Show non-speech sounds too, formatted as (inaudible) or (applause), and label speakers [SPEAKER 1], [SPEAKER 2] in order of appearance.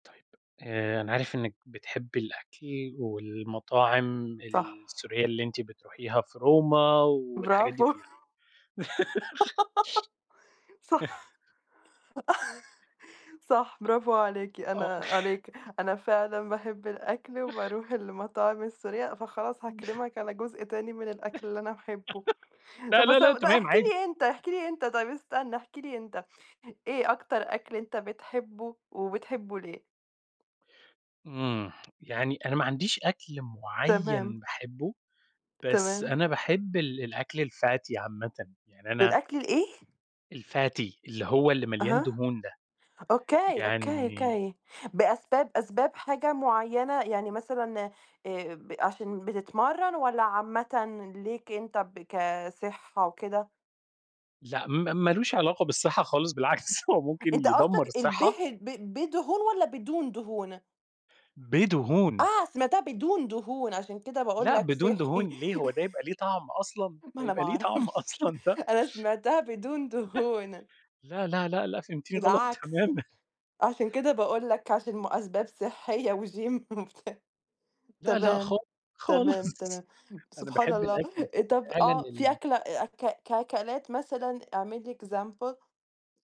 [SPEAKER 1] طيب، آآ أنا عارف إنِّك بتحبي الأكل والمطاعم
[SPEAKER 2] صح.
[SPEAKER 1] السورية اللي أنتِ بتروحيها في Roma والحاجات دي
[SPEAKER 2] براڤو.
[SPEAKER 1] كُلّها. (laughs)
[SPEAKER 2] (giggles) صح، (chuckles) صح براڤو عليكِ،
[SPEAKER 1] أ آه.
[SPEAKER 2] أنا
[SPEAKER 1] (chuckles)
[SPEAKER 2] عليك، أنا فعلًا باحب الأكل
[SPEAKER 1] (laughs)
[SPEAKER 2] وباروح المطاعم السورية، فخلاص
[SPEAKER 1] (chuckles)
[SPEAKER 2] هاكلمك على جزء تاني من الأكل اللي أنا باحبه،
[SPEAKER 1] (laughs) لأ،
[SPEAKER 2] طَب
[SPEAKER 1] لأ،
[SPEAKER 2] بس
[SPEAKER 1] لأ،
[SPEAKER 2] أو ده
[SPEAKER 1] تمام
[SPEAKER 2] احكِ
[SPEAKER 1] عادي.
[SPEAKER 2] لي أنت، احكِ لي أنت، طيب استنى احكِ لي أنت، إيه أكتر أكل أنت بتحبه وبتحبه ليه؟
[SPEAKER 1] إمم يعني أنا ما عنديش أكل مُعيّن
[SPEAKER 2] تمام.
[SPEAKER 1] باحبه، بس
[SPEAKER 2] تمام.
[SPEAKER 1] أنا باحب ال الأكل الFatty عامةً، يعني أنا
[SPEAKER 2] الأكل الإيه؟
[SPEAKER 1] الFatty اللي هو اللي مليان
[SPEAKER 2] أها
[SPEAKER 1] دهون ده،
[SPEAKER 2] Okay ،Okay
[SPEAKER 1] يعني
[SPEAKER 2] ،Okay بأسباب أسباب حاجة مُعيّنة، يعني مثلًا آآ ب عشان بتتمرن، والّا عامةً ليك أنت ب كصحة وكده؟
[SPEAKER 1] لأ، ما ما لوش علاقة بالصحّة خالص، بالعكس، (laughs) هو ممكن
[SPEAKER 2] أنت
[SPEAKER 1] يدمّر
[SPEAKER 2] قصدك
[SPEAKER 1] الصحّة.
[SPEAKER 2] البهي ب بدهون، والّا بدون دهون؟
[SPEAKER 1] بدهون.
[SPEAKER 2] آه، سمعتها بدون دهون، عشان كده باقول
[SPEAKER 1] لأ،
[SPEAKER 2] لك
[SPEAKER 1] بدون
[SPEAKER 2] صحّي.
[SPEAKER 1] دهون ليه؟ هو ده يبقى
[SPEAKER 2] (chuckles)
[SPEAKER 1] ليه طَعم أصلًا،
[SPEAKER 2] ما
[SPEAKER 1] ده
[SPEAKER 2] أنا
[SPEAKER 1] يبقى
[SPEAKER 2] ما
[SPEAKER 1] ليه طَعم
[SPEAKER 2] أعرفش،
[SPEAKER 1] أصلًا ده؟!
[SPEAKER 2] أنا سمعتها بدون دهون.
[SPEAKER 1] (chuckles) لأ، لأ، لأ، لأ فهمتيني غلط
[SPEAKER 2] بالعكس،
[SPEAKER 1] تمامًا.
[SPEAKER 2] عشان كده باقول لك، عشان مو أسباب صحية وGym وبتاع
[SPEAKER 1] لأ، لأ
[SPEAKER 2] تمام،
[SPEAKER 1] خال خالص،
[SPEAKER 2] تمام،
[SPEAKER 1] (laughs)
[SPEAKER 2] تمام.
[SPEAKER 1] أنا
[SPEAKER 2] سبحان
[SPEAKER 1] باحب
[SPEAKER 2] الله!
[SPEAKER 1] الأكل
[SPEAKER 2] آآ، طَب
[SPEAKER 1] فعلًا
[SPEAKER 2] آه في
[SPEAKER 1] ال
[SPEAKER 2] أكلة أ أك ك أكلات مثلًا اعمل لي example.